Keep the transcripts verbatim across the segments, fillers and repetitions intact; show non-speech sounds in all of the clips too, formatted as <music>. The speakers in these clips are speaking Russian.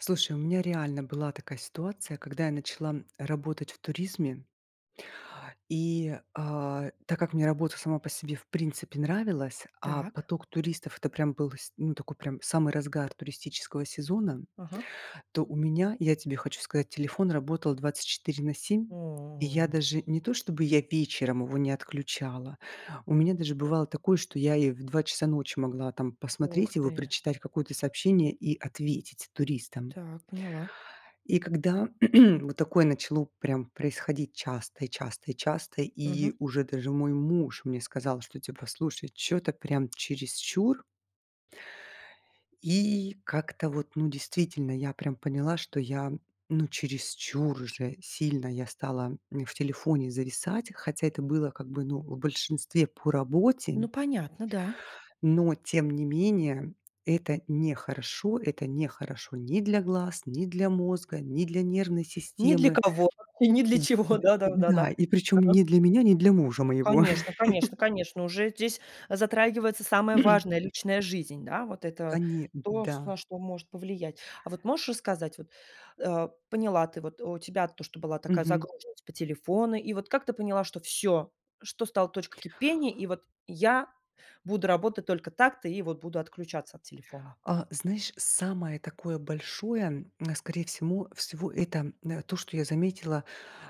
Слушай, у меня реально была такая ситуация, когда я начала м, работать в туризме. И, а, так как мне работа сама по себе в принципе нравилась, а Так. поток туристов- это прям был с ну, такой прям самый разгар туристического сезона, Ага. то у меня, я тебе хочу сказать, телефон работал двадцать четыре на семь, и О. я даже не то чтобы я вечером его не отключала, у меня даже бывало такое, что я и в два часа ночи могла там Ох, посмотреть его и ты. прочитать какое-то сообщение и ответить туристам. Так, поняла. И когда <clears throat> вот такое начало прям происходить часто и часто и часто, и Мгм. уже даже мой муж мне сказал, что, типа: "Слушай, чё-то прям чересчур". И как-то вот, ну, действительно, я прям поняла, что я, ну, чересчур уже сильно я стала, м, в телефоне зависать. Хотя это было, как бы, ну, в большинстве по работе. Н Ну, понятно, да. Но тем не менее это нехорошо. Это нехорошо ни для глаз, ни для мозга, ни для нервной Ни для системы. кого и ни для чего. Да, И да, да, да. да, и причём Да. не для меня, не для мужа моего. Конечно конечно <chuckles> конечно. Уже здесь затрагивается самое важное- <clears throat> личная жизнь, да? Вот это Коне д то, ш да. на что может повлиять. А вот можешь рассказать вот, а, поняла ты вот, у тебя то, что была такая Мгм. загруженность по телефону, и вот как ты поняла, что всё, что стало точкой кипения, и вот я буду работать только так-то и вот буду отключаться от телефона. А, знаешь, самое такое большое, м, скорее всему всего, это, м, то, что я заметила,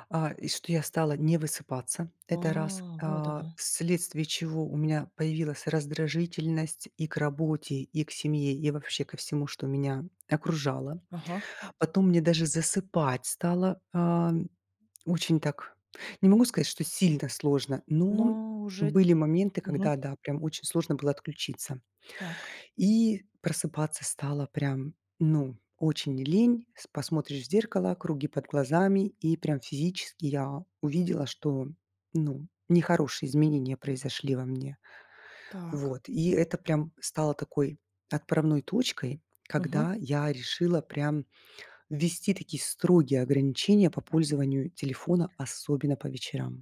а, и что я стала не высыпаться- это раз, А, вот а, оно! вследствие чего у меня появилась раздражительность и к работе, и к семье, и вообще ко всему, что меня окружало. Ага. Потом мне даже засыпать стало, ам, очень так, не могу сказать, что сильно сложно, но Но уже, были моменты, мгм. когда, да, прям очень сложно было отключиться, Так. и просыпаться стало прям, ну, очень лень. С посмотришь в зеркало- круги под глазами, и прям физически я увидела, что, ну, нехорошие изменения произошли во мне. Так. Вот, и это прям стало такой отправной точкой, Мгм. когда я решила прям ввести такие строгие ограничения по пользованию телефона, особенно по вечерам.